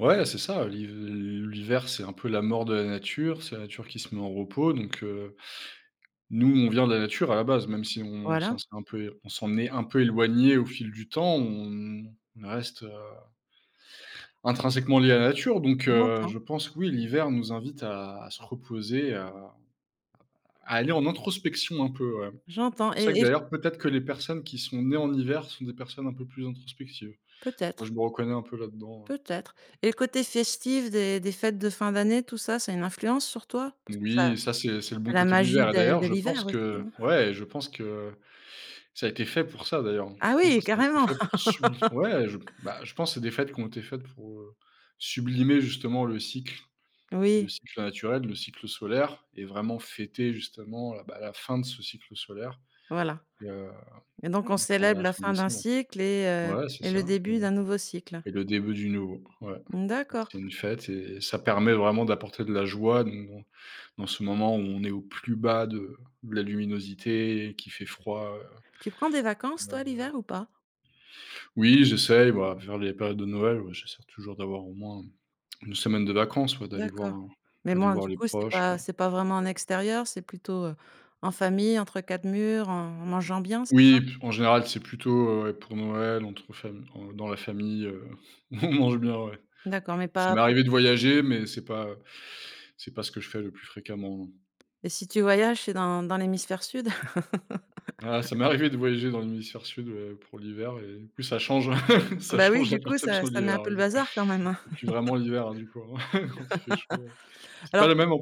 Ouais, c'est ça. Liv l l'hiver, c'est un peu la mort de la nature, c'est la nature qui se met en repos, donc heu, nous, on vient de la nature à la base, même si on Voilà. s'en s'est un peu é on s'en est un peu éloigné au fil du temps, on on reste, heu intrinsèquement liés à la nature, donc Ou 1 heu, temps. je pense que, oui, l'hiver nous invite à se reposer à à aller en introspection un peu, ouais. J'entends, et C'est vrai et que j d'ailleurs, peut-être que les personnes qui sont nées en hiver sont des personnes un peu plus introspectives. Moi, Peut-être je me reconnais un peu là-dedans, heu peut-être, et le côté festif des des fêtes de fin d'année, tout ça, ça a une influence sur toi? Parce que ça Oui, ça, c'est c'est le bon tu as la côté de magie l'hiver. de D'ailleurs, de je pense l'hiver aussi, hein. que ouais, je pense que ça a été fait pour ça d'ailleurs. Ah Je pense oui, que ça a été carrément! fait pour subli ouais, je, bah, je pense que c'est des fêtes qui ont été faites pour, heu, sublimer, justement le cycle le Oui. cycle naturel, le cycle solaire et vraiment fêter justement, heu, bah, la fin de ce cycle solaire, Voilà, et heu, et donc on donc on va célèbre être la en fin d'un décembre. cycle et heu, Ouais, c'est et le ça. début d'un [unintelligible] nouveau cycle. Et le début du nouveau, ouais. Mmh d'accord. C'est une fête et ça permet vraiment d'apporter de la joie donc dans dans ce moment où on est au plus bas de la luminosité et qu'il fait froid, Tu prends des vacances, toi, donc voilà. l'hiver, ou pas? Oui, j'essaye, voilà, vers les périodes de Noël. Ouais, j'essaie toujours d'avoir au moins 1 semaine de vacances, ouais, d'aller voir D'accord, mais aller bon, voir du les coup, c'est proches, heu pas c'est pas vraiment en extérieur, c'est plutôt, heu, en famille, entre quatre murs, en en mangeant bien, c'est ça? Oui, p en général, c'est plutôt, heu, ouais, pour Noël, entre fam dans la famille, heu, on mange bien, ouais. P D'accord, mais ça pas m'est [unintelligible] arrivé de voyager, mais c'est pas c'est pas ce que je fais le plus fréquemment, non. Et si tu voyages, c'est dans dans l'hémisphère sud? Ah, ça m'est arrivé de voyager dans l'hémisphère sud, heu, pour l'hiver, et du coup, ça change, ça Bah oui, change la du coup, ça perception de ça met un l'hiver. peu le bazar, quand même, hein C'est plus vraiment l'hiver, du coup, hein, quand il fait chaud, c'est pas alors le tu même am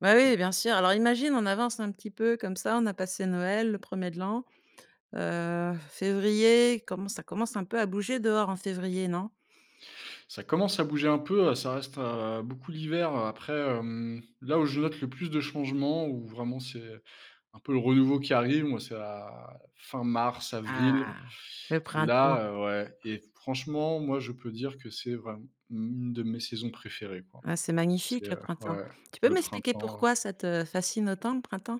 bah oui, bien sûr! Alors, imagine, on avance un petit peu comme ça. On a passé Noël, le 1er de l'an. Heu, février, commen ça commence un peu à bouger dehors, en février, non? Ça commence à bouger un peu, ça reste, heu, beaucoup l'hiver. Après, hem, là où je note le plus de changements, où vraiment c'est un peu le renouveau qui arrive. Moi, c'est la fin mars, avril. Ah! Le printemps. Là, heu, ouais, et franchement, moi je peux dire que c'est vraim une de mes saisons préférées, quoi. Ah, c'est C'est magnifique, le printemps. ouais, Tu peux le m'expliquer printemps. pourquoi ça te fascine autant, le printemps?